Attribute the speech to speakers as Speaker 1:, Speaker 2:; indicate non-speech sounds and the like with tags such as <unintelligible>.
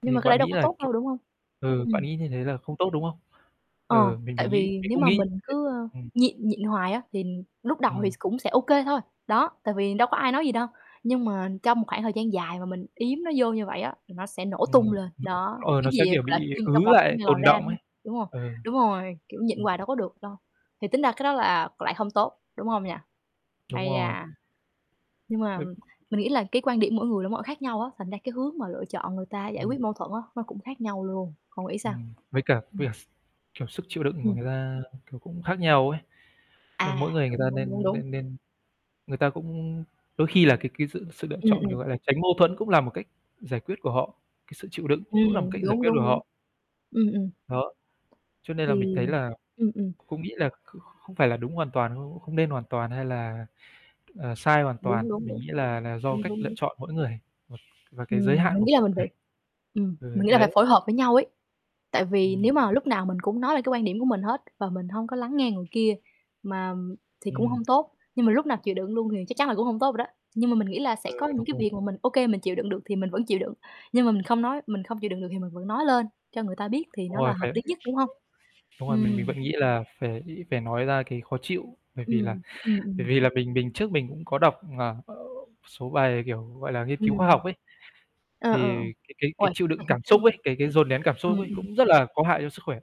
Speaker 1: Nhưng
Speaker 2: Thì
Speaker 1: mà cái đấy
Speaker 2: bạn
Speaker 1: đâu
Speaker 2: nghĩ
Speaker 1: có
Speaker 2: là,
Speaker 1: tốt
Speaker 2: kiểu
Speaker 1: đâu, đúng hông?
Speaker 2: ừ,
Speaker 1: Ừm.
Speaker 2: bạn
Speaker 1: Ừm.
Speaker 2: nghĩ như thế là không tốt, đúng không?
Speaker 1: Ờ,
Speaker 2: Ừ, mình thì
Speaker 1: tại
Speaker 2: nghĩ
Speaker 1: vì
Speaker 2: mình
Speaker 1: nếu
Speaker 2: cũng
Speaker 1: mà
Speaker 2: nghĩ như
Speaker 1: mình cứ, ơ,
Speaker 2: thế. Ừm
Speaker 1: nhịn nhịn hoài á, thì lúc đầu thì s
Speaker 2: Ừm.
Speaker 1: cũng sẽ ô kê thôi, đó, tại vì đâu có ai nói gì đâu. Nhưng mà trong một khoảng thời gian dài mà mình yếm nó vô như vậy á, thì nó sẽ nổ tung
Speaker 2: Ừm,
Speaker 1: lên.
Speaker 2: ưm,
Speaker 1: Đó,
Speaker 2: ờ,
Speaker 1: cái
Speaker 2: nó sẽ,
Speaker 1: gì, ờ,
Speaker 2: kiểu,
Speaker 1: gọi là,
Speaker 2: bị
Speaker 1: kim
Speaker 2: ứ
Speaker 1: trong bọc có
Speaker 2: lại,
Speaker 1: ngày lòi
Speaker 2: tồn
Speaker 1: ra,
Speaker 2: động
Speaker 1: đúng
Speaker 2: ấy.
Speaker 1: hông, đúng hông?
Speaker 2: Ờ, ừ.
Speaker 1: Đúng rồi, kiểu, nhịn
Speaker 2: Ừm.
Speaker 1: quài đâu có được đâu. Thì tính ra cái đó là lại hông tốt, đúng hông nhỉ?
Speaker 2: Đúng
Speaker 1: Ây
Speaker 2: rồi.
Speaker 1: da, nhưng mà
Speaker 2: <unintelligible>
Speaker 1: mình nghĩ là cái quan điểm mỗi người là mỗi khác nhau á, thành ra cái hướng mà lựa chọn người ta giải
Speaker 2: Ừm.
Speaker 1: quyết mâu thuẫn á nó cũng khác nhau luôn. Cậu nghĩ sao?
Speaker 2: Ừm, với cả với
Speaker 1: Ừm.
Speaker 2: cả s kiểu, sức chịu đựng của
Speaker 1: Ừm.
Speaker 2: người ta, ừ, kiểu, cũng khác nhau ấy. Cho nên
Speaker 1: À,
Speaker 2: mỗi người người
Speaker 1: đúng,
Speaker 2: ta
Speaker 1: đúng, đúng,
Speaker 2: nên
Speaker 1: đúng.
Speaker 2: nên nên người ta cũng đôi khi là cái cái sự sự lựa
Speaker 1: Ừm,
Speaker 2: chọn, kiểu,
Speaker 1: ừm.
Speaker 2: gọi là, tránh mâu thuẫn cũng là một cách giải quyết của họ, cái sự chịu đựng cũng là một
Speaker 1: Ừm,
Speaker 2: cách giải
Speaker 1: đúng,
Speaker 2: quyết của
Speaker 1: đúng, đúng.
Speaker 2: họ.
Speaker 1: Ừm, ừm.
Speaker 2: Đó, cho nên là mình
Speaker 1: Thì
Speaker 2: thấy là
Speaker 1: ừm, ừm.
Speaker 2: cũng nghĩ là kh không phải là đúng hoàn toàn đâu, không nên hoàn toàn, hay là, ờ, sai hoàn toàn,
Speaker 1: Đúng, đúng,
Speaker 2: mình
Speaker 1: đúng.
Speaker 2: nghĩ là là do
Speaker 1: Đúng,
Speaker 2: cách
Speaker 1: đúng,
Speaker 2: lựa
Speaker 1: đúng.
Speaker 2: chọn mỗi người, ừm, và cái giới
Speaker 1: Ừm,
Speaker 2: hạn
Speaker 1: mình
Speaker 2: của
Speaker 1: nghĩ là
Speaker 2: mỗi
Speaker 1: mình
Speaker 2: người.
Speaker 1: phải ừm, mình
Speaker 2: Ừ,
Speaker 1: nghĩ là phải
Speaker 2: đấy.
Speaker 1: phối hợp với nhau ấy, tại vì nếu
Speaker 2: Ừm.
Speaker 1: mà lúc nào mình cũng nói lên cái quan điểm của mình hết và mình hông có lắng nghe người kia mà thì cũng
Speaker 2: Ừm.
Speaker 1: không tốt, nhưng mà lúc nào chịu đựng luôn thì chắc chắn là cũng hông tốt rồi đó. Nhưng mà mình nghĩ là sẽ
Speaker 2: Ừ,
Speaker 1: có những
Speaker 2: đúng
Speaker 1: cái
Speaker 2: rồi.
Speaker 1: việc mà mình ô kê mình chịu đựng được thì mình vẫn chịu đựng, nhưng mà mình không nói mình không chịu đựng được thì mình vẫn nói lên cho người ta biết thì
Speaker 2: Đúng
Speaker 1: nó là
Speaker 2: rồi.
Speaker 1: hợp
Speaker 2: Phải
Speaker 1: lý nhất, đúng hông?
Speaker 2: <unintelligible> đúng rồi, mình
Speaker 1: Ừm.
Speaker 2: mình vẫn nghĩ là phải ý ý phải nói ra cái khó chịu, bởi vì là
Speaker 1: Ừm, ừm,
Speaker 2: bởi
Speaker 1: ừm.
Speaker 2: vì là mình mình trước mình cũng có đọc, ờ, số bài, kiểu, gọi là, nghiên cứu khoa
Speaker 1: Ừm.
Speaker 2: học ấy.
Speaker 1: Ờ, ờ.
Speaker 2: Thì cái cái cái
Speaker 1: Ôi!
Speaker 2: chịu đựng cảm xúc ấy,
Speaker 1: <chuckles>
Speaker 2: cái cái dồn nén cảm
Speaker 1: Ừm,
Speaker 2: xúc ấy
Speaker 1: ừm.
Speaker 2: cũng rất là có hại cho sức khỏe.